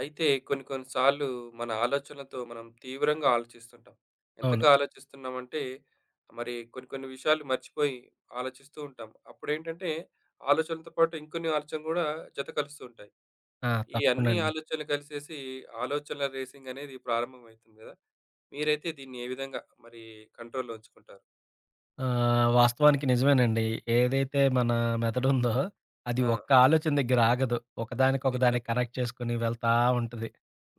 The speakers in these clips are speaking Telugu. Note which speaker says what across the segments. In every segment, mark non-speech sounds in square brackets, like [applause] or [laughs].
Speaker 1: అయితే, కొన్ని కొన్ని సార్లు మన ఆలోచనలతో మనం తీవ్రంగా ఆలోచిస్తుంటాం.
Speaker 2: అవును.
Speaker 1: ఎంతగా ఆలోచిస్తున్నాం అంటే, మరి కొన్ని కొన్ని విషయాలు మర్చిపోయి ఆలోచిస్తూ ఉంటాం. అప్పుడేంటంటే, ఆలోచనలతో పాటు ఇంకొన్ని ఆలోచనలు గూడా జత కలుస్తూ ఉంటాయి.
Speaker 2: ఆ!
Speaker 1: ఈ
Speaker 2: తప్పకుండ
Speaker 1: అన్ని
Speaker 2: అండి.
Speaker 1: ఆలోచనలు కలిసేసి, ఆలోచనల రేసింగ్ అనేది ప్రారంభం అయితుంది గదా! మీరైతే దీన్ని ఏ విధంగా మరి కంట్రోల్‌లో ఉంచుకుంటారు?
Speaker 2: ఆహ్, వాస్తవానికి నిజమేనండి. ఏదైతే మన మెదడుందో, అది
Speaker 1: ఆ!
Speaker 2: ఒక్క ఆలోచన దగ్గర ఆగదు. ఒకదానికి, ఒకదానికి
Speaker 1: నిజమే.
Speaker 2: కనెక్ట్ చేసుకొని వెళ్తా ఉంటది.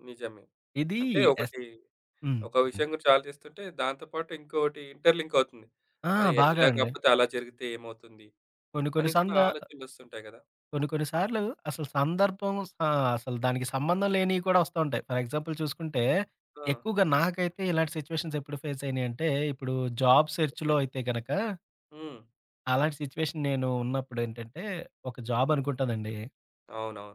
Speaker 1: నిజమే.
Speaker 2: ఇది
Speaker 1: అంటే
Speaker 2: ఎస్,
Speaker 1: ఒకటి.
Speaker 2: హ్మ్.
Speaker 1: ఒక
Speaker 2: హ్మ్.
Speaker 1: విషయం గురించి ఆలోచిస్తుంటే, దాంతో పాటు ఇంకోటి ఇంటర్‌లింక్ అవుతుంది.
Speaker 2: ఆ!
Speaker 1: అరె!
Speaker 2: బాగా
Speaker 1: ఇలా
Speaker 2: అండి.
Speaker 1: గాపోతే అలా జరిగితే ఏమవుతుంది?
Speaker 2: కొన్ని కొన్ని
Speaker 1: అని కూడా
Speaker 2: సందా...
Speaker 1: ఆలోచనలొస్తుంటాయి గదా!
Speaker 2: కొన్ని కొన్ని సార్లు అసలు సందర్భం సా అసలు దానికి సంబంధం లేనివి కూడా వస్తా ఉంటాయి. ఫర్ ఎగ్జాంపుల్ చూసుకుంటే,
Speaker 1: ఆ!
Speaker 2: ఎక్కువగా నాకైతే ఇలాంటి సిట్యుయేషన్స్ ఎప్పుడు ఫేస్ అయినాయంటే, ఇప్పుడు జాబ్
Speaker 1: ఓకె.
Speaker 2: సెర్చ్‌లో అయితే గనుక
Speaker 1: హ్మ్.
Speaker 2: అలాంటి సిట్యుయేషన్ నేను ఉన్నప్పుడేంటంటే, ఒక జాబ్
Speaker 1: హ్మ్.
Speaker 2: అనుకుంటానండి.
Speaker 1: అవునవును.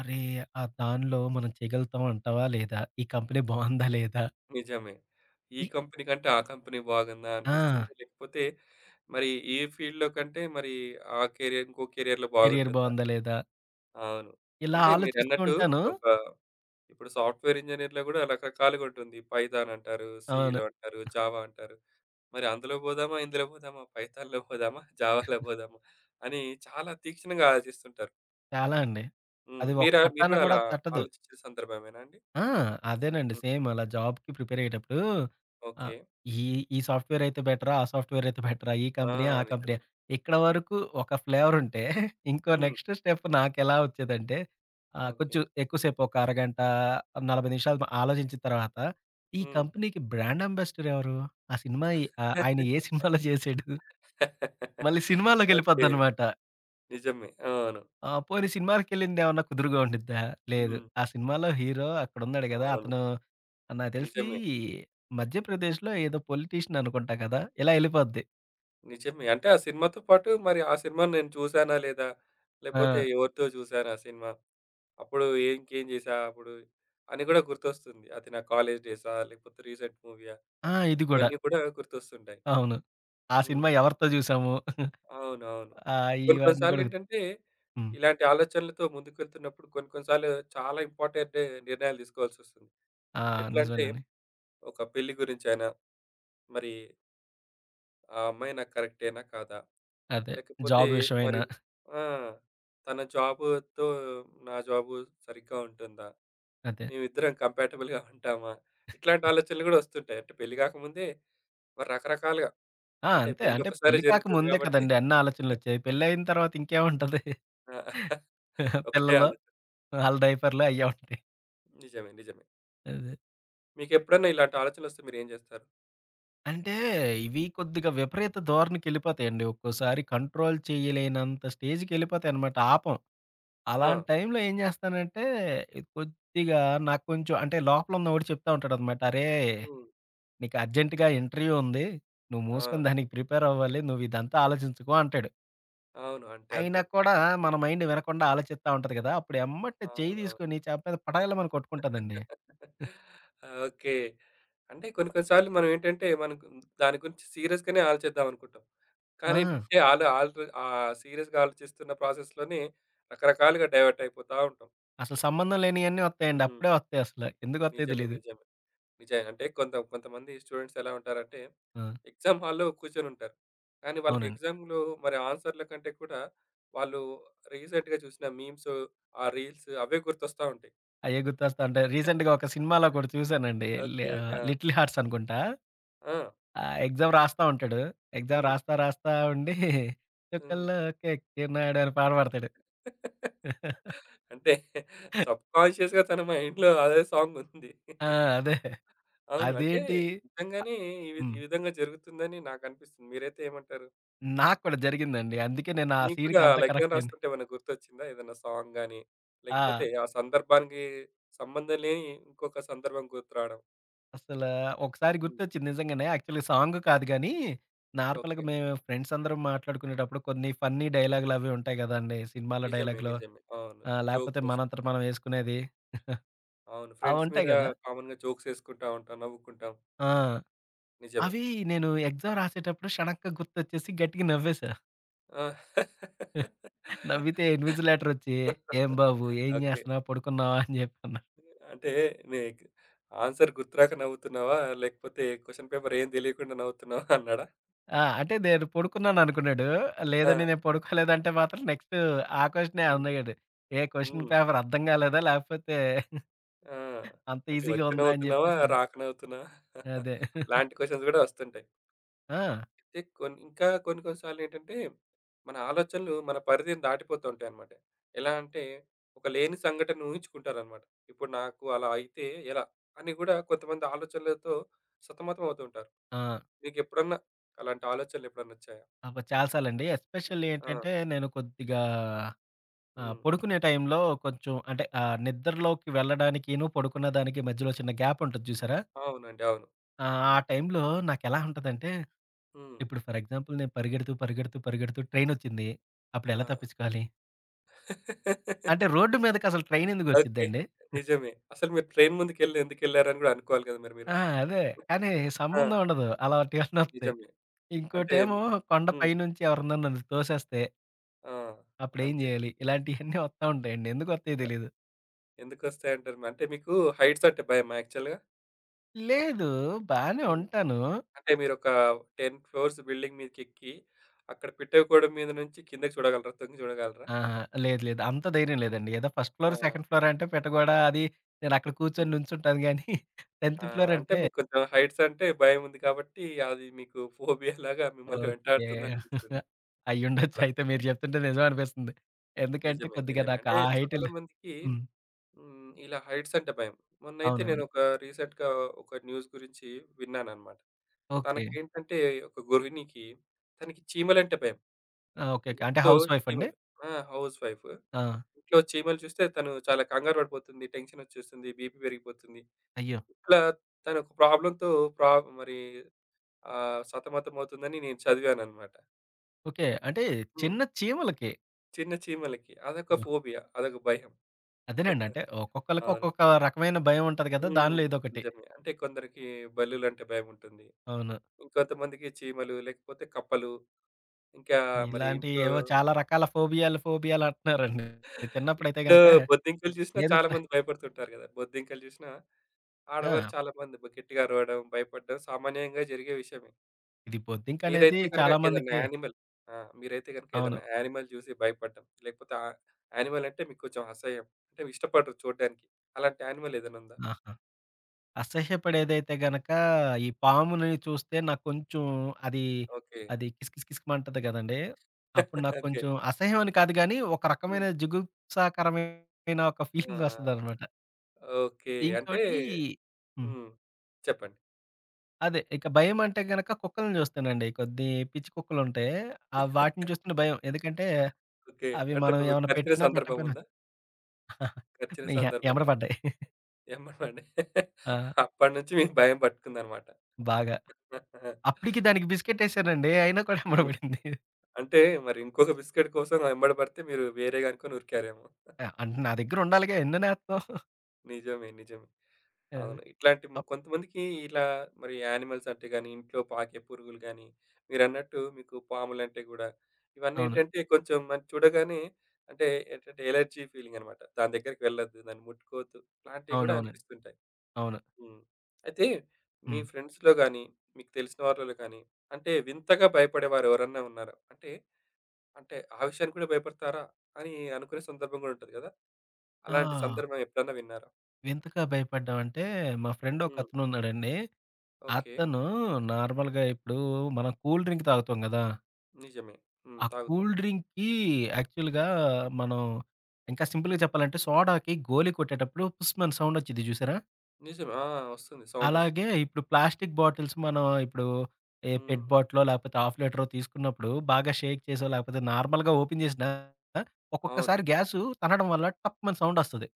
Speaker 2: అరే, ఆ దాన్లో మనం చేయగలుగుతాం అంటావా? లేదా? ఈ కంపెనీ బావుందా లేదా?
Speaker 1: నిజమే. ఈ
Speaker 2: ఈ
Speaker 1: కంపెనీ కంటే ఆ కంపెనీ బాగుందా? అనిపిస్తుంది.
Speaker 2: ఆ!
Speaker 1: లేకపోతే, మరి ఈ ఫీల్డ్‌‌లో కంటే మరి ఆ కెరియర్ ఇంకో కెరియర్‌లో
Speaker 2: కెరియర్
Speaker 1: బాగుంటుందా?
Speaker 2: బావుందా? లేదా?
Speaker 1: అవును.
Speaker 2: ఇలా
Speaker 1: అంటే,
Speaker 2: ఆలోచిస్తూ
Speaker 1: మీరన్నట్టు,
Speaker 2: ఉంటాను.
Speaker 1: ఒక ఇప్పుడు సాఫ్ట్‌వేర్ ఇంజినీర్‌లో గూడా రకరకాలుగా ఉంటుంది. ఇప్పుడు పైథాన్ అంటారు,
Speaker 2: అవును.
Speaker 1: సీలో అంటారు, జావ అంటారు. మరి అందులో పోదామా? ఇందులో పోదామా? పైథాన్‌లో పోదామా? జావాల
Speaker 2: [chuckles]
Speaker 1: పోదామా? అని చాలా తీక్షణంగా ఆలోచిస్తుంటారు.
Speaker 2: చాలా అండి!
Speaker 1: హ్మ్.
Speaker 2: అది ఒక
Speaker 1: మీరా మీరు
Speaker 2: పట్టాన
Speaker 1: కూడా
Speaker 2: కూడా
Speaker 1: అలా
Speaker 2: తట్టదు.
Speaker 1: ఆలోచించే సందర్భమేనండి?
Speaker 2: ఆ! అదేనండి.
Speaker 1: హ్మ్.
Speaker 2: సేమ్ అలా జాబ్‌కి ప్రిపేర్ అయ్యేటప్పుడు, ఆహ్,
Speaker 1: ఓకే.
Speaker 2: ఈ ఈ సాఫ్ట్‌వేర్ అయితే బెటరా, ఆ సాఫ్ట్‌వేర్ అయితే బెటరా? ఈ కంపెనీయా,
Speaker 1: ఆ!
Speaker 2: ఆ
Speaker 1: నిజమే.
Speaker 2: కంపెనీయా? ఇక్కడ వరకు ఒక [chuckles] ఫ్లేవరుంటే, ఇంకో
Speaker 1: హ్మ్.
Speaker 2: నెక్స్ట్ స్టెప్ నాకెలా వచ్చేదంటే, ఆహ్,
Speaker 1: ఓకే.
Speaker 2: కొంచెం ఎక్కువ సేపు ఒక అరగంట, 40 నిమిషాలు ఆలోచించిన తర్వాత, ఈ
Speaker 1: హ్మ్.
Speaker 2: కంపెనీకి బ్రాండ్ అంబాసడర్ ఎవరు? ఆ సినిమా ఆయన ఏ సినిమాలో చేసాడు,
Speaker 1: [laughs]
Speaker 2: మళ్ళి
Speaker 1: ఓకే.
Speaker 2: సినిమాలోకెళ్ళిపోద్దనమాట.
Speaker 1: నిజమే. అవును.
Speaker 2: ఆహ్, పోనీ సినిమాలకెళ్ళింది ఏమన్నా కుదురుగా ఉండిద్దా, లేదు
Speaker 1: హ్మ్.
Speaker 2: ఆ సినిమాలో హీరో అక్కడున్నాడు గదా!
Speaker 1: అవును.
Speaker 2: అతను నాకు తెలిసి,
Speaker 1: నిజమే.
Speaker 2: మధ్యప్రదేశ్‌లో ఏదో పొలిటీషియన్ అనుకుంటా గదా! ఇలా ఎళ్ళిపోద్ది.
Speaker 1: నిజమే. అంటే ఆ సినిమాతో పాటు మరి ఆ సినిమాని నేను చూసానా, లేదా? లేపోతే
Speaker 2: ఆ!
Speaker 1: ఎవరితో చూసాను ఆ సినిమా? అప్పుడు ఇంకేం చేశా అప్పుడు, అని గూడా గుర్తొస్తుంది. అది నా కాలేజ్ డేసా, లేకపోతే రీసెంట్ మూవీయా,
Speaker 2: ఆ! ఇది గూడా.
Speaker 1: ఇవన్నీ కూడా గుర్తొస్తుంటాయి.
Speaker 2: అవును. అ సినిమా
Speaker 1: హ్మ్.
Speaker 2: ఎవరితో జూసాము? [chuckles]
Speaker 1: అవునవును.
Speaker 2: ఆ!
Speaker 1: కొన్ని కొన్ని
Speaker 2: ఇవన్నీ గూడా
Speaker 1: సార్లేంటంటే,
Speaker 2: హ్మ్.
Speaker 1: ఇలాంటి ఆలోచనలతో ముందుకు వెళ్తున్నప్పుడు, కొన్ని కొన్ని సార్లు చాలా ఇంపార్టెంట్ నిర్ణయాలు తీసుకోవాల్సొస్తుంది.
Speaker 2: ఆ!
Speaker 1: ఎట్లంటే,
Speaker 2: నిజమేనండి.
Speaker 1: ఒక పెళ్లి గురించైనా, మరి ఆ అమ్మాయి నాకు కరెక్టేనా కాదా?
Speaker 2: అదే.
Speaker 1: లేకపోతే
Speaker 2: జాబ్
Speaker 1: మరి
Speaker 2: విషయమైనా.
Speaker 1: ఆ! తన జాబుతో, నా జాబు సరిగ్గా ఉంటుందా?
Speaker 2: అదే.
Speaker 1: మేమిద్దరం [chuckles] కంపాటబుల్‍గా ఉంటామా? ఇట్లాంటి ఆలోచనలు గూడా ఒస్తుంటాయి. అంటే పెళ్లి గాకముందే రకరకాలుగా
Speaker 2: ఆ!
Speaker 1: అంటే
Speaker 2: అంతే. అంటే
Speaker 1: పెళ్లొకసారే
Speaker 2: పెళ్లి
Speaker 1: జరుగుతుంది
Speaker 2: కాకముందే
Speaker 1: గాబట్టి
Speaker 2: కదండీ! అన్నాలోచనలొచ్చేయి. పెళ్ళైయిన
Speaker 1: [chuckles]
Speaker 2: తర్వాత ఇంకేముంటది?
Speaker 1: ఆ!
Speaker 2: [chuckles]
Speaker 1: [chuckles] ఒకటే
Speaker 2: పిల్లలు,
Speaker 1: ఆలోచన.
Speaker 2: ఆళ్ల డైపర్‍లు అయ్యే ఉంటాయి. [chuckles]
Speaker 1: నిజమే. నిజమే.
Speaker 2: అదే.
Speaker 1: మీకేప్పుడైనా ఇలాంటి ఆలోచనలొస్తే మీరేం జేస్తారు?
Speaker 2: అంటే ఇవి కొద్దిగా విపరీత ధోరణికెళ్ళిపోతాయండి. ఒక్కోసారి కంట్రోల్ చేయలేనంత స్టేజ్‍కెళ్ళిపోతాయన్నమాట ఆపం.
Speaker 1: ఆ!
Speaker 2: అలాంటి టైమ్‍లో ఏం జేస్తానంటే కొద్దిగా నాక్కొంచెం అంటే లోపలున్న వాడు చెప్తా ఉంటాడనమాట. అరే!
Speaker 1: హ్మ్.
Speaker 2: నీకర్జెంట్‍గా ఇంటర్‌వ్యూ ఉంది. నువ్వు మూసుకొని
Speaker 1: ఆ!
Speaker 2: [giggles] దానికి ప్రిపేర్ అవ్వాలి. నువ్విదంతా ఆలోచించకు అంటాడు.
Speaker 1: అవును. అంటే
Speaker 2: అయినా
Speaker 1: అంతే.
Speaker 2: కూడా మన మైండ్ వినకుండా ఆలోచిత్తా ఉంటది గదా! అప్పుడు ఎమ్మట్నే
Speaker 1: అవును.
Speaker 2: చేయి
Speaker 1: అవును.
Speaker 2: తీసుకొని చెంప మీద పటేల్‍మని కొట్టుకుంటదండి.
Speaker 1: [chuckles] ఓకే. అంటే కొన్ని, కొన్ని సార్లు మనం ఏంటంటే మనకు దాని గురించి సీరియస్‍గానే ఆలోచిద్దాం అనుకుంటాం. కానీ
Speaker 2: ఆ!
Speaker 1: [chuckles] ఏంటంటే, ఆల్ ఆర్ల్ ఆహ్, సీరియస్‍గా ఆలోచిస్తున్న ప్రాసెస్‍లోనే రకరకాలుగా డైవర్ట్ అయిపోతా ఉంటాం.
Speaker 2: అసలు సంబంధం లేనియన్నీ వత్తయండి.
Speaker 1: హ్మ్.
Speaker 2: అప్పుడే వత్తయి అసలు ఎందుకొత్తయో
Speaker 1: నిజమే.
Speaker 2: తెలీదు.
Speaker 1: నిజమే. నిజయి అంటే కొంత కొంతమంది స్టూడెంట్స్ ఎలా ఉంటారంటే?
Speaker 2: ఆ!
Speaker 1: ఎగ్సామ్ హాల్‍లో కూర్చొనుంటారు. కానీ
Speaker 2: అవునండి.
Speaker 1: వాళ్ళకెగ్సామ్‍లో, మరి ఆన్సర్‍లకంటే కూడా, వాళ్ళు రీసెంట్‍గా జూసిన మిమ్సూ, ఆ రీల్స్ అవే గుర్తొస్తా ఉంటాయి.
Speaker 2: అయ్యే గుర్తొస్తాంటై. రీసెంట్‍గా
Speaker 1: [chuckles]
Speaker 2: ఒక సినిమాలో గూడా చూసానండి.
Speaker 1: ఓకే అండి.
Speaker 2: ఆహ్,
Speaker 1: ఆ!
Speaker 2: లి లిటిల్ హార్ట్స్ అనుకుంటా.
Speaker 1: ఆ!
Speaker 2: ఆహ్, ఎక్సామ్ రాస్తా ఉంటడు. ఎక్సామ్
Speaker 1: హ్మ్.
Speaker 2: రాస్తా రాస్తా ఉండి. [chuckles]
Speaker 1: హ్మ్.
Speaker 2: చుక్కల్లోకెక్కినాడు అని పాట పాడతాడు. [laughs]
Speaker 1: అంటే సబ్ కాన్షియస్‍గా తన మైండ్‌లో అదే సాంగ్ ఉంది.
Speaker 2: ఆ! అదే. [chuckles]
Speaker 1: అవును. అంటే
Speaker 2: అదేంటి?
Speaker 1: నిజంగానే ఈ వి
Speaker 2: ఆ హ్మ్.
Speaker 1: ఈ విధంగా జరుగుతుందని నాకనిపిస్తుంది. మీరైతే ఏమంటారు?
Speaker 2: హ్మ్. నాకు కూడా జరిగిందండి. అందుకే నేను ఆ
Speaker 1: మీకు కూడా
Speaker 2: సీన్‍కి అంత
Speaker 1: అలా ఎగ్సామ్
Speaker 2: కనెక్టయింది.
Speaker 1: రాస్తుంటే, ఏమైనా గుర్తొచ్చిందా? ఏదైనా సాంగ్ గానీ, లేకపోతే
Speaker 2: ఆ!
Speaker 1: ఆ సందర్భానికి, సంబంధం లేని ఇంకొక సందర్భం గుర్తు రాడం.
Speaker 2: అస్సల ఒకసారి
Speaker 1: హ్మ్.
Speaker 2: గుర్తొచ్చింది. నిజంగానే, యాక్చువల్‍గా సాంగ్ కాదు గానీ, నార్మల్‍గా
Speaker 1: ఓకే.
Speaker 2: మేము ఫ్రెండ్స్ అందరం మాట్లాడుకునేటప్పుడు. కొన్ని ఫన్నీ డైలాగ్‍లు అవి ఉంటాయి గదండీ! సినిమాలో
Speaker 1: నిజమే.
Speaker 2: డైలాగ్‍లో
Speaker 1: నిజమే. అవును.
Speaker 2: ఆహ్, లేపోతే,
Speaker 1: జోక్స్
Speaker 2: మనంతట
Speaker 1: వేసుకుంటారు.
Speaker 2: మనం ఏసుకునేది. [chuckles]
Speaker 1: అవును
Speaker 2: అవి
Speaker 1: ఫ్రెండ్స్
Speaker 2: ఉంటాయి
Speaker 1: మీద,
Speaker 2: గదా!
Speaker 1: కామన్‍గా జోక్స్ వేసుకుంటా ఉంటాం. నవ్వుకుంటాం.
Speaker 2: ఆ!
Speaker 1: నిజమే.
Speaker 2: అవి నేను ఎగ్సామ్ రాసేటప్పుడు, షడెన్‌గా గుర్తొచ్చేసి గట్టిగా నవ్వేసా.
Speaker 1: ఆ!
Speaker 2: [chuckles] నవ్వితే
Speaker 1: [laughs]
Speaker 2: ఇన్విజిలేటర్ వచ్చి, ఏం బాబు ఏం
Speaker 1: ఓకే.
Speaker 2: జేస్తున్నావ్? పడుకున్నావా [chuckles] అని జెప్పి అన్నాడు.
Speaker 1: అంటే నీక్ ఆన్సర్ గుర్తు రాక నవ్వుతున్నావా? లేకపోతే క్వెషన్ పేపర్ ఏం తెలియకుండా నవ్వుతున్నావా? అన్నాడా?
Speaker 2: ఆ! అంటే నేను పడుకున్నాననుకున్నాడు. లేదండి
Speaker 1: ఆ!
Speaker 2: నేను పడుకోలేదు అంటే మాత్రం నెక్స్టు ఆ క్వెషనే
Speaker 1: హ్మ్.
Speaker 2: అనేవాడు. ఏ క్వెషన్
Speaker 1: హ్మ్.
Speaker 2: పేపర్ అర్థం గాలేదా? లేపోతే
Speaker 1: ఆ!
Speaker 2: [chuckles] అంత
Speaker 1: అంటే
Speaker 2: ఈసీగా
Speaker 1: వచ్చి
Speaker 2: ఉందా? అని
Speaker 1: నవ్వుతున్నావా?
Speaker 2: జెప్పేసని.
Speaker 1: రాక నవ్వుతున్నావా? [chuckles]
Speaker 2: అదే. [chuckles]
Speaker 1: ఇలాంటి క్వెషన్స్ గూడా వస్తుంటాయి.
Speaker 2: ఆ!
Speaker 1: అయితే కొన్ ఇంకా కొన్ని, కొన్ని సార్లెంటంటే, మన ఆలోచనలు మన పరిధి దాటిపోతు ఉంటాయన్నమాట. ఎలా అంటే ఒక లేని సంఘటనను ఊహించుకుంటారన్నమాట. ఇప్పుడు నాకు అలా అయితే ఎలా? అని గూడా కొంతమంది ఆలోచనలతో, సతమతమవుతూ ఉంటారు.
Speaker 2: ఆ!
Speaker 1: మీకెప్పుడన్నా అలాంటి ఆలోచనలెప్పుడన్నొచ్చాయా?
Speaker 2: అబ్బా! చాలా సార్లండి. ఎస్పెషల్లీ
Speaker 1: ఆ!
Speaker 2: ఏంటంటే నేను కొద్దిగా ఆహ్,
Speaker 1: హ్మ్.
Speaker 2: పడుకునే టైంలో కొంచెం అంటే ఆహ్, నిద్రలోకి వెళ్ళడానికిను, పడుకున్న దానికి మధ్యలో చిన్న గ్యాపుంటది జూసారా?
Speaker 1: అవునండి. అవును.
Speaker 2: ఆ! ఆ టైంలో నాకెలా ఉంటదంటే,
Speaker 1: హ్మ్.
Speaker 2: ఇప్పుడు ఫర్ ఎగ్జాంపుల్, నేను పరిగెడుతూ, పరిగెడుతూ, పరిగెడుతూ ట్రైనోచ్చింది. అప్పుడెలా
Speaker 1: ఆ!
Speaker 2: తప్పిచ్చుకోవాలి? అంటే
Speaker 1: [laughs]
Speaker 2: రోడ్ మీదకసలు
Speaker 1: ఓకే.
Speaker 2: ట్రైనెందుకొచ్చిద్దండి? [chuckles]
Speaker 1: నిజమే. అసలు మీరు ట్రైన్ ముందుకెళ్లి, ఎందుకెళ్లారని గూడా అనుకోవాలి గదా! మరి మీరు?
Speaker 2: ఆ! అదే. కానీ,
Speaker 1: ఆ!
Speaker 2: సంబంధం ఉండదు. అలంటియాన్ని వస్తాయి.
Speaker 1: నిజమే. అంటే
Speaker 2: ఇంకోటేమో
Speaker 1: మీ
Speaker 2: కొండ
Speaker 1: హ్మ్.
Speaker 2: పైనుంచి ఎవరన్నా నన్ను తోసేస్తే...
Speaker 1: ఆ!
Speaker 2: అప్పుడు ఏం
Speaker 1: అంతే.
Speaker 2: జేయాలి? ఇలాంటియన్నీ ఒత్తా ఉంటాయండి. ఎందుకొత్తాయో
Speaker 1: యాహ్!
Speaker 2: తెలిదు.
Speaker 1: ఎందుకొస్తాయి అంటారు. అంటే మీకు హైట్స్ అంటే భయమా? యాక్చువల్‌గా?
Speaker 2: లేదు. బానే
Speaker 1: హ్మ్.
Speaker 2: ఉంటాను.
Speaker 1: అంటే మీరొక 10 ఫ్లోర్స్ బిల్డింగ్ మీదకెక్కి, అక్కడ పిట్ట గోడ మీద నుంచి కిందకి చూడగలరా? తొంగి చూడగలరా?
Speaker 2: ఆహా! లేదు. లేదు. అంత ధైర్యం లేదండి. ఏదో ఫస్ట్ ఫ్లోర్,
Speaker 1: ఆ!
Speaker 2: సెకండ్ ఫ్లోర్ అంటే పెట్టగోడ, అది నేను అక్కడ కూర్చొని,
Speaker 1: హ్మ్.
Speaker 2: నించుంట గానీ, [chuckles]
Speaker 1: ఆ!
Speaker 2: 10థ్ ఫ్లోర్
Speaker 1: అంటే
Speaker 2: అంటే
Speaker 1: మీకు కొంచెం హైట్స్ అంటే భయం ఉంది కాబట్టి, అది మీకు ఫోబియాలాగా మిమ్మల్ని
Speaker 2: ఓకే.
Speaker 1: వెంటాడుతుందనిపిస్తుంది. అలా.
Speaker 2: అయ్యుండొచ్చయితే మీరు జెప్తుంటే నిజం అనిపిస్తుంది. ఎందుకంటే
Speaker 1: నిజమే.
Speaker 2: కొద్దిగా
Speaker 1: నిజమే.
Speaker 2: నాకా
Speaker 1: అంటే చాలా
Speaker 2: హైటేల్లే
Speaker 1: మందికి
Speaker 2: హ్మ్.
Speaker 1: హ్మ్. ఇలా హైట్స్ అంటే భయం. మొన్నైతే
Speaker 2: అవునవును.
Speaker 1: నేనొక రీసెంట్‌గా ఒక న్యూస్ గురించి విన్నానన్నమాట.
Speaker 2: ఓకే.
Speaker 1: తనకేంటంటే, ఒక గృహిణికి తనకి చీమలంటే భయం.
Speaker 2: ఆ! ఓకేకే. అంటే
Speaker 1: ఇంట్లో
Speaker 2: హౌస్ వైఫ్ అండి?
Speaker 1: చీమలు ఆ! Housewife.
Speaker 2: ఆ!
Speaker 1: ఇంట్లో చీమలు చూస్తే, తను చాలా కంగారు పడిపోతుంది, టెన్షనోచ్చేస్తుంది, బీపీ పెరిగిపోతుంది.
Speaker 2: అయ్యో!
Speaker 1: ఇట్లా తనొక ప్రాబ్లమ్‌తో ప్రాబ్ మరి ఆహ్, సతమతం అవుతుందని నేను చదివానన్నమాట.
Speaker 2: ఓకే. అంటే
Speaker 1: హ్మ్.
Speaker 2: చిన్న చీమలకి.
Speaker 1: చిన్న చీమలకి. అదొక
Speaker 2: బ్బా!
Speaker 1: ఫోబియా. అదొక భయం.
Speaker 2: అదేనండి.
Speaker 1: [chuckles]
Speaker 2: అంటే ఒక్కొక్కళ్ళకి
Speaker 1: అవును.
Speaker 2: ఒక్కొక్క రకమైన భయం ఉంటది గదా!
Speaker 1: హ్మ్.
Speaker 2: దానిలో ఇదొకటి.
Speaker 1: నిజమే. అంటే కొందరికి బల్లులంటే భయముంటుంది.
Speaker 2: అవును.
Speaker 1: ఇంకొంతమందికి చీమలు, లేకపోతే కప్పలు, ఇంకా మరి ఇంట్లో
Speaker 2: ఇలాంటియేవో చాలా రకాల ఫోబియాలు, ఫోబియాలు అంటన్నారండి. నేను చిన్నప్పుడైతే
Speaker 1: ఇంట్లో
Speaker 2: గనుక
Speaker 1: బొద్దింకలు జూసినా చాలా
Speaker 2: ఏదొచ్చినా
Speaker 1: మంది భయపడుతుంటారు గదా! బొద్దింకలు జూశినా ఆడవారు
Speaker 2: ఆ!
Speaker 1: చాలా మంది కొద్ది గట్టిగా అరవడం, భయపడ్డం సామాన్యంగా జరిగే విషయమే.
Speaker 2: ఇది బొద్దింకనేది
Speaker 1: మీరైతే గనక
Speaker 2: చాలా
Speaker 1: ఏదన్నా
Speaker 2: మందికి
Speaker 1: యానిమల్. ఆ! మీరైతే గనక ఏదన్నా
Speaker 2: అవును.
Speaker 1: యానిమల్ జూసి భయపడ్డం లేకపోతే ఆహ్, యానిమల్ అంటే మీక్కొంచం అసహ్యం. అంటే ఇష్టపడరు చూడ్డానికి. అలాంటి యానిమల్ ఏదన్నా ఉందా?
Speaker 2: ఆహా! అసహ్యపడేదైతే గనక ఈ పాముని చూస్తే నాక్కొంచం అదీ
Speaker 1: ఓకే.
Speaker 2: అది కిస్ కిస్ కిస్‌మంటది గదండీ! అప్పుడు
Speaker 1: [chuckles] ఓకే.
Speaker 2: నాక్కొంచం అసహ్యం అని కాదు గానీ ఒక
Speaker 1: హ్మ్.
Speaker 2: రకమైన జుగుప్సాకరమైన ఒక [giggles]
Speaker 1: ఆ!
Speaker 2: ఫీలింగొస్తదనమాట.
Speaker 1: ఓకే. అంటే
Speaker 2: ఇంకోటి హ్మ్.
Speaker 1: హ్మ్. చెప్పండి.
Speaker 2: అదే. ఇక భయమంటే గనక కుక్కల్ని జూస్తేనండి. కొద్ది పిచ్చి కుక్కలుంటయ్. ఆహ్, వాటిని
Speaker 1: [chuckles]
Speaker 2: జూస్తుంటే భయం. ఎందుకంటే
Speaker 1: ఓకే.
Speaker 2: అవి
Speaker 1: అంటే
Speaker 2: మనం
Speaker 1: మిము
Speaker 2: ఏమన్నా
Speaker 1: కరిచిన
Speaker 2: పెట్టినా, పెట్టకపోయినా
Speaker 1: సందర్భముందా? కర్చిన
Speaker 2: య
Speaker 1: సందర్భం
Speaker 2: యెమ్మట
Speaker 1: గాని,
Speaker 2: బడ్డయ్.
Speaker 1: యెంబడ బడి
Speaker 2: ఆ!
Speaker 1: అప్పటి నుంచి మీకు భయం పట్టుకుందనమాట.
Speaker 2: బాగా. అప్పుడికీ
Speaker 1: [laughs]
Speaker 2: దానికి బిస్కెటేసానండి. అయినా కూడా యెంబడ
Speaker 1: హ్మ్.
Speaker 2: బడింది.
Speaker 1: అంటే మరింకొక బిస్కెట్ కోసం వయెంబడ బడితే మీరు వేరేగనుకొని ఉరికారేమో!
Speaker 2: ఆ!
Speaker 1: [chuckles]
Speaker 2: అంటే నా దగ్గరుండాలిగా. ఎన్ననేత్తం? [chuckles]
Speaker 1: నిజమే. నిజమే.
Speaker 2: అదే.
Speaker 1: అవును. ఇట్లాంటి మ కొంతమందికి ఇలా మరి యానిమల్స్ అంటే గాని, ఇంట్లో పాకే పురుగులు గాని, మీరన్నట్టు మీకు పాములంటే గూడా.
Speaker 2: అవును.
Speaker 1: ఇవన్నేంటంటే కొంచెం మన చూడగానే అంటే ఏంటంటే ఎలర్జీ ఫీలింగ్ అనమాట. దాని దగ్గరకి వెళ్ళద్దు, దాన్ని ముట్టుకోవద్దు అలాంటియి గూడా
Speaker 2: అవునవునండి.
Speaker 1: అనిపిస్తుంటాయి.
Speaker 2: అవును.
Speaker 1: హ్మ్. అయితే మీ
Speaker 2: హ్మ్.
Speaker 1: ఫ్రెండ్స్‌లో గాని, మీకు తెలిసిన వార్లలో గాని అంటే వింతగా భయపడేవారు ఎవరన్నా ఉన్నారా? అంటే అంటే ఆ విషయానికి కూడా భయపడతారా? అని అనుకునే సందర్భం గూడా ఉంటది గదా! అలాంటి
Speaker 2: ఆ!
Speaker 1: సందర్భం ఎప్పుడన్నా విన్నారా?
Speaker 2: వింతగా భయపడ్డం అంటే మా ఫ్రెండ్
Speaker 1: హ్మ్.
Speaker 2: ఒకతను ఉన్నాడండి.
Speaker 1: ఓకే.
Speaker 2: అతను నార్మల్‌గా ఇప్పుడు మనం కూల్ డ్రింక్ తాగుతాం గదా!
Speaker 1: నిజమే. హ్మ్.
Speaker 2: ఆ
Speaker 1: తాగుతాం.
Speaker 2: కూల్ డ్రింక్‌కి యాక్చువల్‌గా మనం ఇంకా సింపుల్‌గా చెప్పాలంటే సోడాకి గోలి కొట్టేటప్పుడు పుస్‌మని సౌండ్ ఒచ్చిద్ది చూసారా?
Speaker 1: నిజమే. ఆ! ఒస్తుంది సౌండొస్తుంది.
Speaker 2: అలాగే ఇప్పుడు ప్లాస్టిక్ బాటిల్స్ మనం ఇప్పుడు ఏ
Speaker 1: హ్మ్.
Speaker 2: పెట్ బాటిలో లేపోతే ½ లీటరో తీసుకున్నప్పుడు బాగా షేక్ చేసో లేకపోతే నార్మల్‌గా ఓపెన్ జేసినా
Speaker 1: అవును.
Speaker 2: ఒక్కొక్కసారి గ్యాసు తన్నడం వల్ల టప్‌మని సౌండొస్తది.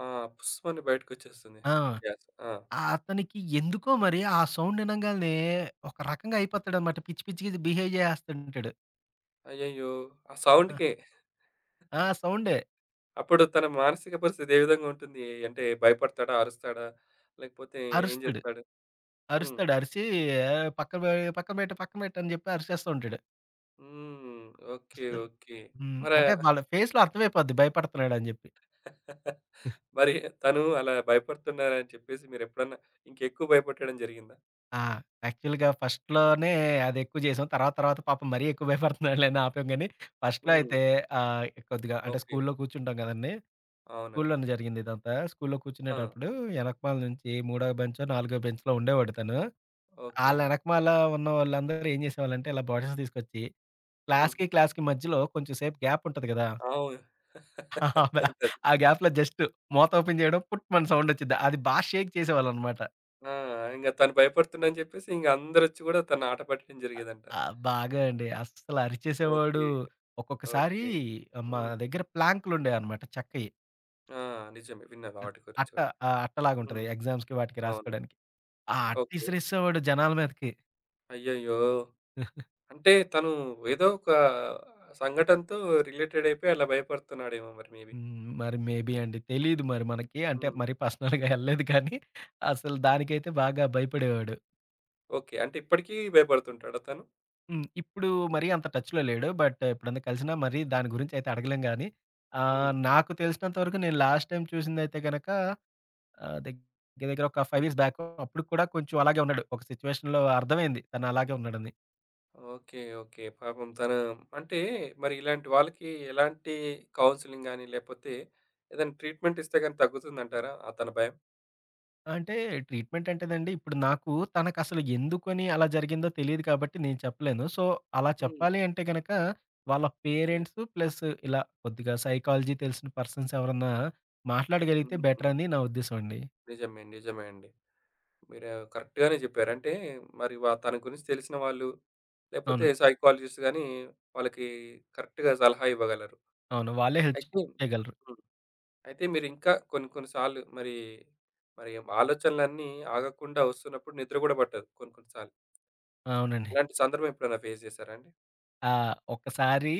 Speaker 1: ఆ! పుస్‌మని బయటకొచ్చేస్తుంది
Speaker 2: ఆ!
Speaker 1: గ్యాస్. ఆ!
Speaker 2: అతనికి ఎందుకో మరి ఆ సౌండ్ వినంగాలినే ఒక రకంగా అయిపోతాడన్నమాట. పిచ్చి పిచ్చిగా బిహేవ్ జేసేస్తుంటాడు.
Speaker 1: అయ్యయ్యో! ఆ
Speaker 2: ఆ!
Speaker 1: సౌండ్‌కే. [chuckles]
Speaker 2: ఆ! సౌండే.
Speaker 1: అప్పుడు తన మానసిక పరిస్థితి ఏ విధంగా ఉంటుంది? ఎ అంటే భయపడతాడా? అరుస్తాడా? లేకపోతే ఏం
Speaker 2: అరుస్తాడు.
Speaker 1: జేస్తాడు? హ్మ్.
Speaker 2: అరుస్తాడు. అరిసి ఎ పక్క పె పక్కన పెట్టు, పక్కన పెట్టు అని జెప్పి అరిచేస్తూ ఉంటాడు.
Speaker 1: హ్మ్. ఓకే.
Speaker 2: అస్సలు.
Speaker 1: ఓకే.
Speaker 2: హ్మ్.
Speaker 1: మరే
Speaker 2: అంటే వాళ్ళ ఫేస్‌లో అర్థం అయిపోద్ది భయపడుతున్నాడని జెప్పి.
Speaker 1: [laughs] మరి తను అలా భయపడుతున్నారని చెప్పేసి మీరెప్పుడన్నా ఇంకా ఎక్కువ భయపెట్టడం జరిగిందా?
Speaker 2: ఆ! యాక్చువల్‌గా ఫస్ట్‌లోనే అదెక్కువ జేసాం. తర్వాత తర్వాత పాపం మరీ ఎక్కువ భయపడుతున్నాడులే అని ఆపాం గాని ఫస్ట్‌లో
Speaker 1: హ్మ్.
Speaker 2: అయితే ఆహ్, కొద్దిగా అంటే
Speaker 1: ఓకే.
Speaker 2: స్కూలులో కూర్చుంటాం గదండీ!
Speaker 1: అవునా?
Speaker 2: స్కూలులోనే జరిగింది ఇదంతా. స్కూలులో
Speaker 1: ఆ!
Speaker 2: కూర్చునేటప్పుడు యెనకమాల నుంచి మూడో బెంచొ, నాలుగో బెంచ్‌లో ఉండేవాడు తను. ఆళ్ళ
Speaker 1: ఓకే.
Speaker 2: యెనకమాల ఉన్న వాళ్ళందరూ ఏం జేసేవాళ్ళంటే ఇలా బాటిల్స్ తీసుకొచ్చి
Speaker 1: హ్మ్.
Speaker 2: క్లాస్‌కి, క్లాస్‌కి మధ్యలో కొంచెం సేపు గ్యాప్ ఉంటది గదా!
Speaker 1: అవును.
Speaker 2: ఆ
Speaker 1: [laughs]
Speaker 2: బా
Speaker 1: అంతే
Speaker 2: ఆ గ్యాప్‌లో జస్ట్ మూతోపెన్ జేయడం పుట్‌మని సౌండ్ ఒచ్చిద్ది. అది బాగా షేక్ చేసేవాళ్ళన్నమాట.
Speaker 1: ఆ! ఇంగ తను భయపడుతుందని జెప్పేసి ఇంగ అందరొచ్చి గూడా తన ఆటపట్టడం
Speaker 2: అ
Speaker 1: జరిగేదంట.
Speaker 2: ఆ! బాగా అండి. అస్సలు అరిచేసేవాడు.
Speaker 1: ఓకే.
Speaker 2: ఒక్కొక్కసారి
Speaker 1: ఓకే.
Speaker 2: మా
Speaker 1: హ్మ్.
Speaker 2: దగ్గర ప్లాంక్‌లుండెయన్నమాట చెక్కయి.
Speaker 1: ఆ! నిజమే విన్నాను
Speaker 2: అ
Speaker 1: ఆటి గురించి
Speaker 2: అట్ట
Speaker 1: కూడా.
Speaker 2: ఆహ్, అట్ట లాగుంటది
Speaker 1: హ్మ్.
Speaker 2: ఎగ్జామ్స్‌కి వాటికి
Speaker 1: అవును.
Speaker 2: రాసుకోడానికి. ఆ
Speaker 1: ఓకే.
Speaker 2: అట్టిసిరేసేసేవాడు జనాల మీదకి.
Speaker 1: అయ్యయ్యో!
Speaker 2: [chuckles]
Speaker 1: అంటే తను ఏదో ఒక సంఘటనతో రిలేటెడ్ అయిపోయి అలా భయపడుతున్నాడేమో మరి మేబి.
Speaker 2: హ్మ్. మరి మేబి అండి తెలీదు మరి మనకి అంటే
Speaker 1: హ్మ్.
Speaker 2: మరి పర్సనల్‌గా యెళ్ళలేదు కానీ అసలు దానికైతే బాగా భయపడేవాడు.
Speaker 1: ఓకే. అంటే ఇప్పడికీ భయపడుతుంటాడ తను?
Speaker 2: హ్మ్. ఇప్పుడు మరీ అంత టచ్‌లో లేడు. బట్ ఎప్పుడైనా కలిసినా మరి దాని గురించైతే అడగలేం గాని,
Speaker 1: హ్మ్.
Speaker 2: ఆహ్, నాకు తెలిసినంత వరకు నేను లాస్ట్ టైమ్ చూసిందయితే గనక, ఆహ్, దగ్గర దగ్గర ఒక 5
Speaker 1: హ్మ్.
Speaker 2: ఇయర్స్ బ్యాక్ అప్పుడు కూడా కొంచెం అలాగే ఉన్నాడు. ఒక సిట్యుయేషన్‌లో అర్థమైంది తనలాగే ఉన్నాడని.
Speaker 1: ఓకే. ఓకే. పాపం తను అంటే మరి ఇలాంటి వాళ్ళకి ఎలాంటి కౌన్సెలింగ్ గాని, లేపోతే ఏదైనా ట్రీట్మెంట్ ఇస్తే గాని, తగ్గుతుందంటారా అతని భయం?
Speaker 2: అంటే ట్రీట్మెంట్ అంటేనండి, ఇప్పుడు నాకు తనకసలు ఎందుకని అలా జరిగిందో తెలిదు కాబట్టి, నేను చెప్పలేను. సో, అలా
Speaker 1: హ్మ్.
Speaker 2: చెప్పాలి అంటే గనక, వాళ్ళ
Speaker 1: ఓకే.
Speaker 2: పేరెంట్సు ప్లస్ ఇలా కొద్దిగా సైకాలజీ తెలిసిన పర్సన్స్ ఎవరన్నా మాట్లాడగలిగితే బెటర్
Speaker 1: హుహు.
Speaker 2: అని నా ఉద్దేశం అండి.
Speaker 1: నిజమే. నిజమే అండి. మీరు కరెక్ట్‌గానే జెప్పారు. అంటే మరి వ తన గురించి తెలిసిన వాళ్ళు, లేపోతే
Speaker 2: అవును.
Speaker 1: సైకాలజిస్ట్ గాని, వాళ్ళకి కరెక్ట్‌గా సలహా ఇవ్వగలరు.
Speaker 2: అవును. వాళ్ళే హెల్ప్
Speaker 1: అయితే
Speaker 2: చేయగలరు.
Speaker 1: హ్మ్, అయితే మీరింకా కొన్ని కొన్ని సార్లు మరి మరి ఆలోచనలన్నీ ఆగకుండా ఒస్తున్నప్పుడు నిద్ర గూడా బట్టదు. కొన్ని కొన్ని సార్లు...
Speaker 2: అవునండి.
Speaker 1: ఇలాంటి సందర్భం ఎప్పుడైనా ఫేస్ జేసారా అండి?
Speaker 2: ఆ! ఒక్కసారి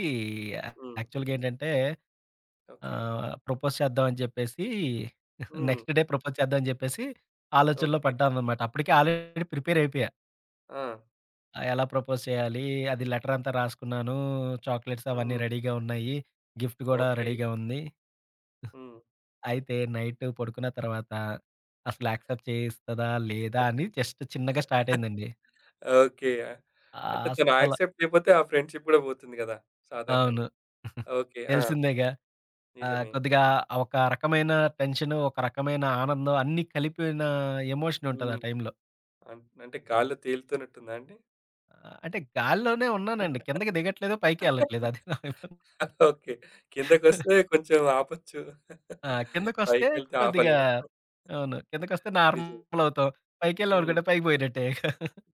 Speaker 1: హ్మ్.
Speaker 2: యాక్చువల్‌గేంటంటే
Speaker 1: ఓకే.
Speaker 2: ఆహ్ ప్రపోజ్ చేద్దాం అని జెప్పేసి [chuckles]
Speaker 1: హ్మ్.
Speaker 2: నెక్స్ట్ డే ప్రపోజ్ చేద్దాం అని జెప్పేసి ఆలోచనలో
Speaker 1: ఓకే.
Speaker 2: పడ్డాననమాట. అప్పటికే ఆల్రెడీ ప్రిపేర్ అయిపోయా.
Speaker 1: ఆ!
Speaker 2: ఆ! ఎలా ప్రపోజ్ చేయాలి? అది లెటరంతా రాసుకున్నాను, చాక్లెట్సవన్నీ
Speaker 1: హ్మ్.
Speaker 2: రెడీగా ఉన్నయి. గిఫ్ట్ గూడా
Speaker 1: ఓకే.
Speaker 2: రెడీగా ఉంది.
Speaker 1: హ్మ్.
Speaker 2: [giggles] అయితే నైట్ పడుకున్న తర్వాత, అసల యాక్సెప్ట్ చేస్తదా? లేదా?
Speaker 1: [chuckles]
Speaker 2: అని జస్ట్ చిన్నగా
Speaker 1: [chuckles]
Speaker 2: స్టార్టయిందండి.
Speaker 1: ఓకే. అంటే తను
Speaker 2: అస్సల
Speaker 1: యాక్సెప్ట్ జెయపోతే ఆ ఫ్రెండ్‌షిప్ గూడా బోతుంది గదా!
Speaker 2: అవును.
Speaker 1: సాధారణంగా.
Speaker 2: [giggles]
Speaker 1: ఓకే. ఆ!
Speaker 2: తెలిసిందేగా. ఆహ్,
Speaker 1: నిజమే.
Speaker 2: కొద్దిగా ఒక రకమైన టెన్షను, ఒక రకమైన ఆనందం అన్నీ కలిపిన ఎమోషన్ ఉంటదా
Speaker 1: హ్మ్.
Speaker 2: టైంలో.
Speaker 1: అన్ అంటే గాల్లో తేలుతున్నట్టుందాండి?
Speaker 2: ఆహ్, అంటే గాల్లోనే ఉన్నానండి. కిందకి దిగట్లేదు, పైకి ఎళ్ళట్లేదు అది ప్రాబ్లం
Speaker 1: ఓకే.
Speaker 2: [chuckles]
Speaker 1: కిందకొస్తే కొంచెం ఆపొచ్చు.
Speaker 2: ఆ!
Speaker 1: [chuckles]
Speaker 2: కిందకొస్తే
Speaker 1: పైకెళ్తే
Speaker 2: కొద్దిగా
Speaker 1: ఆపలేము. [chuckles]
Speaker 2: అవును. కిందకొస్తే
Speaker 1: నిజమే.
Speaker 2: నార్మలవుతాం. పైకెళ్ళాం
Speaker 1: హ్మ్.
Speaker 2: అనుకుంటే పైకి బోయినట్టే ఇక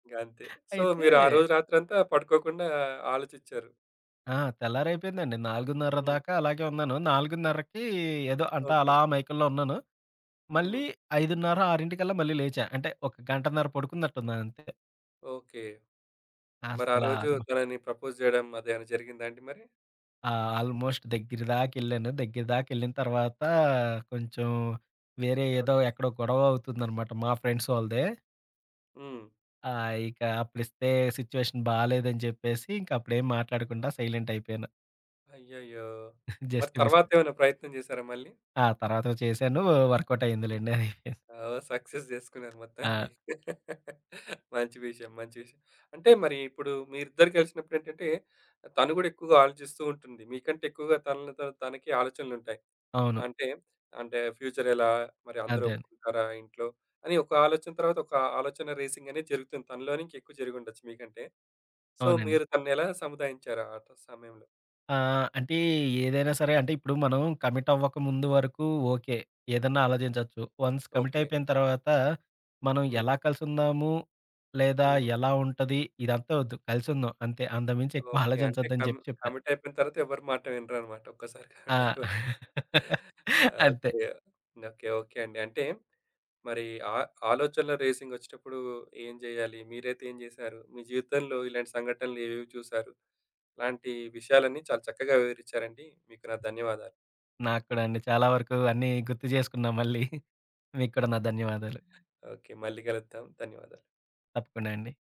Speaker 1: ఇగంతే. సో,
Speaker 2: అయితే
Speaker 1: మీరు ఆ రోజు రాత్రంతా పడుకోకుండా ఆలోచిచ్చారు.
Speaker 2: ఆ! తెల్లారైపోయిందండి. 4:30
Speaker 1: హ్మ్.
Speaker 2: దాకా అలాగే ఉన్నాను. 4:30కి ఏదో అంటే అలా
Speaker 1: ఓకే.
Speaker 2: మైకం‌లో ఉన్నాను. మళ్ళీ
Speaker 1: హ్మ్.
Speaker 2: 5:30, 6:00కల్లా మళ్ళీ లేచా. అంటే ఒక గంటన్నర పడుకున్నట్టున్నాను అంతే.
Speaker 1: ఓకే. మరి ఆ
Speaker 2: అస్సలా
Speaker 1: రోజు
Speaker 2: అది మ
Speaker 1: తనని ప్రపోజ్ జేయడం అది ఏమైనా జరిగిందా అండి మరి?
Speaker 2: ఆ! ఆల్మోస్ట్ దగ్గరి దాకెళ్ళాను. దగ్గరి దాకెళ్ళిన తర్వాత కొంచెం వేరే ఏదో
Speaker 1: ఓకే.
Speaker 2: ఎక్కడో గొడవ అవుతుందనమాట. మా ఫ్రెండ్స్ వాళ్ళదే.
Speaker 1: హ్మ్.
Speaker 2: ఆ! ఇక అప్పుడిస్తే సిట్యుయేషన్ బాలేదు అని చెప్పేసి, ఇంక అప్పుడేం మాట్లాడకుండా సైలెంట్ అయిపోయాను.
Speaker 1: అయ్యయ్యో!
Speaker 2: [giggles]
Speaker 1: మరి
Speaker 2: జస్ట్ మిస్.
Speaker 1: తర్వాత ఏమైనా ప్రయత్నం జేసారా మళ్ళీ?
Speaker 2: ఆ! తరువాత చేసాను. వర్క్‌ఔట్
Speaker 1: హ్మ్,
Speaker 2: అయిందిలెండది.
Speaker 1: ఓహ్! సక్సెస్ చేసుకున్నారు.
Speaker 2: ఆ!
Speaker 1: మొత్తానికి. [chuckles] మంచి విషయం, మంచి విషయం. అంటే మరి ఇప్పుడు మీరిద్దరూ కలిసినప్పుడేంటంటే, తను గూడా ఎక్కువగా ఆలోచిస్తూ ఉంటుంది. మీకంటే ఎక్కువగా తనలో తన తనకి ఆలోచనలు ఉంటాయి.
Speaker 2: అవును.
Speaker 1: అంటే, అంటే ఫ్యూచర్ ఎలా? మరి అందరూ
Speaker 2: అదే.
Speaker 1: ఒప్పుకుంటారా ఇంట్లో అని ఒక ఆలోచన, తర్వాత ఒక ఆలోచన రేసింగ్ అనేది జరుగుతుంది. తనలోనే ఇంకా ఎక్కువ జరిగుండొచ్చు మీకంటే. సో,
Speaker 2: అవునండి.
Speaker 1: మీరు తనని ఎలా సముదాయించారు ఆ సమయంలో?
Speaker 2: ఆ! అంటే ఏదైనా సరే. అంటే ఇప్పుడు మనం కమిట్ అవ్వక ముందు వరకు ఓకే. ఏదన్నా ఆలోచించొచ్చు. Once commit
Speaker 1: okay.
Speaker 2: అయిపోయిన తర్వాత, మనం
Speaker 1: హ్మ్.
Speaker 2: ఎలా కలిసుందాము? లేదా
Speaker 1: హుహు.
Speaker 2: ఎలా ఉంటది? ఇదంతా వద్దు కలిసుందాం అంతే. అంతకుమించి ఎక్కువ
Speaker 1: ఓకే. అంటే
Speaker 2: ఆలోచించొద్దని
Speaker 1: కం
Speaker 2: చెప్పి చెప్పా.
Speaker 1: కమిట్ అయిపోయిన తర్వాత ఎవరి మాట వినరన్నమాట ఒక్కసారి కమిట్
Speaker 2: ఆ!
Speaker 1: అయిపో
Speaker 2: [chuckles] అంతే.
Speaker 1: ఓకే. ఓకే. ఓకే. అండి. అంటే మరి ఆ ఆలోచనలు రేసింగ్ వచ్చేటప్పుడు ఏం చేయాలి? మీరైతే ఏం చేసారు? మీ జీవితంలో ఇలాంటి సంఘటనలు ఏవేవి చూసారు? ఇలాంటి విషయాలన్నీ చాలా చక్కగా వివరిచ్చారండి. మీకు నా ధన్యవాదాలు.
Speaker 2: నాకు కూడా అండి. చాలా వరకు అన్ని గుర్తు చేసుకున్నా మళ్ళీ. [chuckles] మీకు కూడా నా ధన్యవాదాలు.
Speaker 1: ఓకే. మళ్ళి కలుద్దాం. ధన్యవాదాలు.
Speaker 2: తప్పకుండా అండి.